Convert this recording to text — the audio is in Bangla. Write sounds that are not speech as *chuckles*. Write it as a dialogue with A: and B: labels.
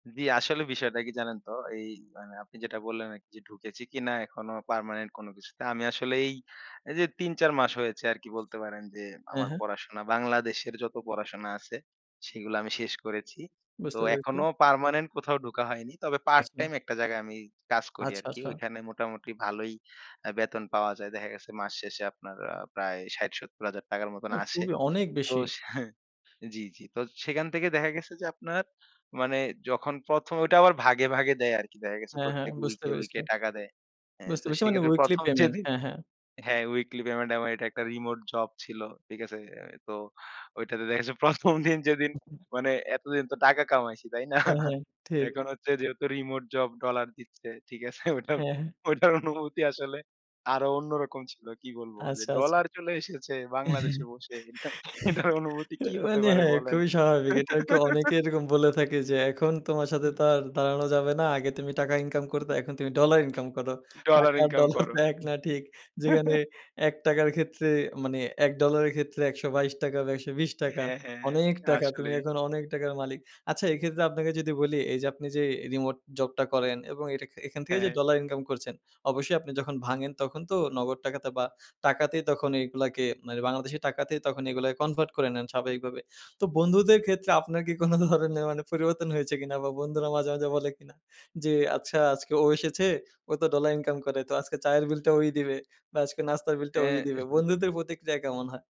A: জি, আসলে বিষয়টা কি জানেন তো? এই আপনি মানে যেটা বললেন এক জি, ঢুকেছি কিনা এখনো পার্মানেন্ট কোন কিছুতে। আমি আসলে এই যে ৩-৪ মাস হয়েছে আরকি বলতে পারেন, যে
B: অ্যা
A: আমার
B: হ্যাঁ।
A: পড়াশোনা বাংলাদেশের যত পড়াশোনা আছে সেগুলা আমি শেষ করেছি। তো
B: বুঝতে পেরেছি।
A: এখনো পার্মানেন্ট কোথাও ঢোকা হয়নি। তবে
B: আচ্ছা।
A: পার্টটাইম একটা জায়গায় আমি কাজ করি
B: আচ্ছা,
A: আরকি।
B: আচ্ছা।
A: ওইখানে মোটামুটি ভালোই আ বেতন পাওয়া যায়। দেখা গেছে মাস শেষে আপনার আ প্রায় ৬০,০০০-৭০,০০০ টাকার মতন
B: অ্যা
A: আসে।
B: খুবই অনেক
A: তো
B: বেশি।
A: সা জি, জি। তো সেখান থেকে দেখা গেছে যে আপনার মানে যখন ১ম, ওইটা আবার ভাগে, ভাগে দেয় আরকি। দেখা গেছে
B: হ্যাঁ, হ্যাঁ।
A: প্রত্যেক
B: বুঝতে
A: উইকে,
B: পেরেছি।
A: উইকে টাকা দেয়। অ্যা
B: বুঝতে
A: তো
B: পেরেছি মানে
A: সেক্ষেত্রে
B: উইকলি
A: ১ম,
B: পেমেন্ট।
A: যেদিন
B: হ্যাঁ, হ্যাঁ।
A: হ্যাঁ, উইকলি পেমেন্ট আমার এটা একটা রিমোট জব ছিল। ঠিক আছে? তো ঐটাতে দেখা গেছে ১ম, দিন যেদিন মানে এতদিন তো টাকা কামাইছি, তাই না?
B: অ্যা হ্যাঁ। ঠিক।
A: এখন হচ্ছে যেহেতু রিমোট জব ডলার দিচ্ছে। ঠিক আছে?
B: অ্যা হ্যাঁ।
A: ওইটার অনুভূতি আসলে আরো অন্যরকম ছিল। কি বলবো যে
B: আচ্ছা, আচ্ছা।
A: ডলার চলে এসেছে বাংলাদেশে
B: *chuckles*
A: বসে। এটার অনুভূতি কি হতে
B: মানে
A: পারে
B: হ্যাঁ, হ্যাঁ,
A: বলেন?
B: খুবই স্বাভাবিক। এটা আরকি অনেকে
A: *laughs*
B: এরকম বলে থাকে যে এখন তোমার সাথে তো
A: উম
B: আর দাঁড়ানো যাবে না। আগে তুমি টাকা ইনকাম করতো, এখন তুমি ডলার ইনকাম করো।
A: ডলার
B: টাকা আর
A: ইনকাম
B: ডলার তো
A: করো।
B: প্যাক না ঠিক। যেখানে
A: *chuckles*
B: ১২ টাকার ক্ষেত্রে মানে $১ ডলারের ক্ষেত্রে ১২২ টাকা বা ১২০
A: হ্যাঁ, হ্যাঁ।
B: অনেক টাকা। তুমি
A: আসলেই।
B: এখন অনেক টাকার মালিক। আচ্ছা এক্ষেত্রে আপনাকে যদি বলি, এই যে আপনি যে রিমোট জবটা করেন এবং এটা খে এখান থেকে
A: হ্যাঁ,
B: যে
A: হ্যাঁ।
B: ডলার ইনকাম করছেন। অবশ্যই আপনি যখন ভাঙেন তখন তো নগদ টাকাতে বা টাকাতেই এগুলাকে মানে বাংলাদেশী টাকাতেই তখন এগুলা কনভার্ট করে নেন স্বাভাবিকভাবে। তো বন্ধুদের ক্ষেত্রে আপনার কি কোন ধরনের মানে পরিবর্তন হয়েছে কিনা বা বন্ধুরা মাঝে, মাঝে বলে কিনা? যে আচ্ছা আজকে ও এসেছে ও তো ডলার ইনকাম করে। তো আজকে চায়ের বিলটা ওই দিবে বা আজকে নাস্তার বিলটা ওই দিবে।
A: অ্যা
B: বন্ধুদের প্রতিক্রিয়া কেমন হয়?